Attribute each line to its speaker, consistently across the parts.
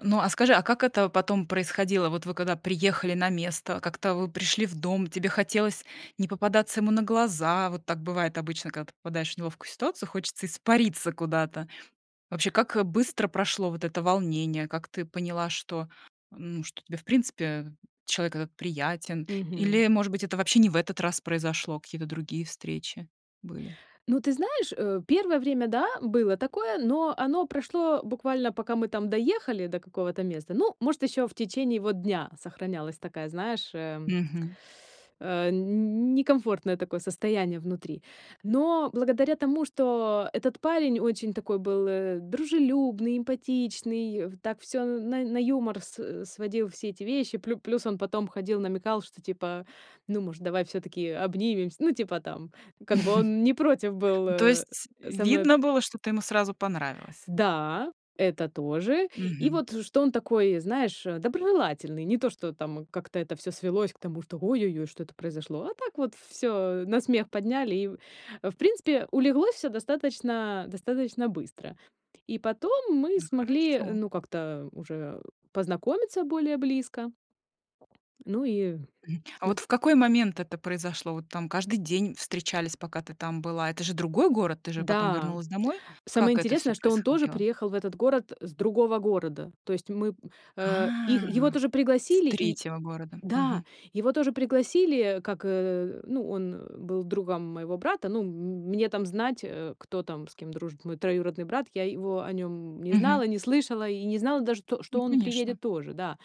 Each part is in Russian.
Speaker 1: Ну, а скажи, а как это потом происходило? Вот вы когда приехали на место, как-то вы пришли в дом, тебе хотелось не попадаться ему на глаза? Вот так бывает обычно, когда ты попадаешь в неловкую ситуацию, хочется испариться куда-то. Вообще, как быстро прошло вот это волнение? Как ты поняла, что ну, что тебе, в принципе, человек этот приятен
Speaker 2: Мгм.
Speaker 1: или, может быть, это вообще не в этот раз произошло, какие-то другие встречи были?
Speaker 2: Ну ты знаешь, э, первое время, да, было такое, но оно прошло буквально, пока мы там доехали до какого-то места. Ну, может, ещё в течение вот дня сохранялась такая, знаешь, эм,
Speaker 1: Мгм.
Speaker 2: э, не не некомфортное такое состояние внутри. Но благодаря тому, что этот парень очень такой был, э, дружелюбный, эмпатичный, в так всё на на юмор с сводил, все эти вещи. Плю плюс, он потом ходил, намекал, что типа, ну, может, давай всё-таки обнимемся? Ну, типа там, как бы он не против был,
Speaker 1: Ну, то
Speaker 2: э,
Speaker 1: есть,
Speaker 2: со мной
Speaker 1: видно
Speaker 2: общ
Speaker 1: было, что ты ему сразу понравилась?
Speaker 2: Да, это тоже. И
Speaker 1: Мгм.
Speaker 2: вот что он такой, знаешь э, доброжелательный. Не то, что там как-то это всё свелось к тому, что ой-ой-ой, что это произошло, а так вот всё, э, на смех подняли, и, в в принципе, улеглось всё достаточно достаточно быстро. И потом мы
Speaker 1: Да,
Speaker 2: смогли, э,
Speaker 1: хорошо.
Speaker 2: ну как-то уже познакомиться более близко. Ну и
Speaker 1: Мгм. А
Speaker 2: д
Speaker 1: вот в какой момент это произошло? Вот там каждый день встречались, пока ты там была. Это же другой город, ты же потом
Speaker 2: Да,
Speaker 1: вернулась домой.
Speaker 2: самое
Speaker 1: Как это всё
Speaker 2: интересное, что он тоже
Speaker 1: происходило?
Speaker 2: приехал в этот город с другого города. То есть мы, э Их его
Speaker 1: А!
Speaker 2: тоже
Speaker 1: Из
Speaker 2: пригласили и
Speaker 1: 3 города.
Speaker 2: да,
Speaker 1: Мгм.
Speaker 2: его тоже пригласили, э, как, э ну, он, э, был другом моего брата. Ну, м, м, мне там знать, э, кто там, с кем дружит мой троюродный брат. Я его о нём не
Speaker 1: Мгм.
Speaker 2: знала, не слышала, и не знала даже то,
Speaker 1: Ну,
Speaker 2: что он
Speaker 1: конечно.
Speaker 2: приедет тоже, да.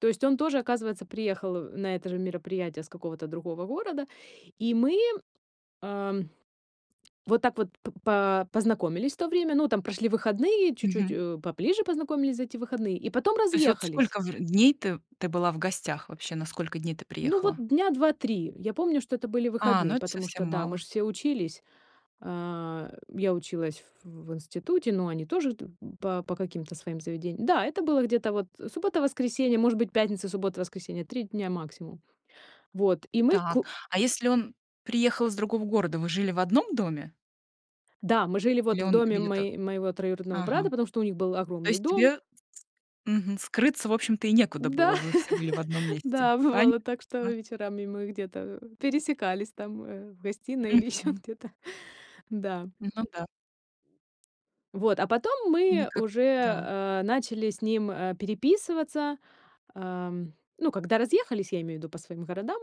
Speaker 2: То есть он тоже, оказывается, приехал, э, на это же мероприятие с какого-то другого города. И мы, ам, вот так вот п по познакомились в то время. Ну, там прошли выходные, чуть-чуть,
Speaker 1: Мгм.
Speaker 2: э, поближе познакомились за эти выходные, и потом
Speaker 1: То есть, вот
Speaker 2: разъехались.
Speaker 1: сколько в дней ты ты была в гостях вообще? На сколько дней ты
Speaker 2: Ну вот
Speaker 1: приехала?
Speaker 2: дня 2-3. Я помню, что это были
Speaker 1: А, ну
Speaker 2: выходные,
Speaker 1: это
Speaker 2: потому
Speaker 1: совсем
Speaker 2: что да, мы
Speaker 1: мало.
Speaker 2: же все учились. А, я училась в в институте, но они тоже т по по каким-то своим заведениям. Да, это было где-то вот, э, суббота, воскресенье, может быть, пятница, суббота, воскресенье, 3 дня максимум. Вот, и мы к
Speaker 1: Так, а если он приехал из другого города, вы жили в одном доме?
Speaker 2: Да, мы жили
Speaker 1: Или
Speaker 2: вот в
Speaker 1: он
Speaker 2: доме
Speaker 1: где-то
Speaker 2: мое моего троюродного брата,
Speaker 1: Ага.
Speaker 2: потому что у них был
Speaker 1: То
Speaker 2: огромный
Speaker 1: есть,
Speaker 2: дом.
Speaker 1: тебе мгм скрыться, в общем-то, и некуда
Speaker 2: Да,
Speaker 1: было. Вы все были в одном месте,
Speaker 2: да,
Speaker 1: понятно?
Speaker 2: бывало так, что вечерами мы где-то, пересекались там, э, в гостиной или ещё
Speaker 1: Мгм.
Speaker 2: где-то. Да.
Speaker 1: Ну да.
Speaker 2: Вот, а потом
Speaker 1: Ну, и
Speaker 2: мы
Speaker 1: как
Speaker 2: уже,
Speaker 1: Да.
Speaker 2: а, начали с ним, а, переписываться. Ам, ну, когда разъехались, я имею в виду по своим городам.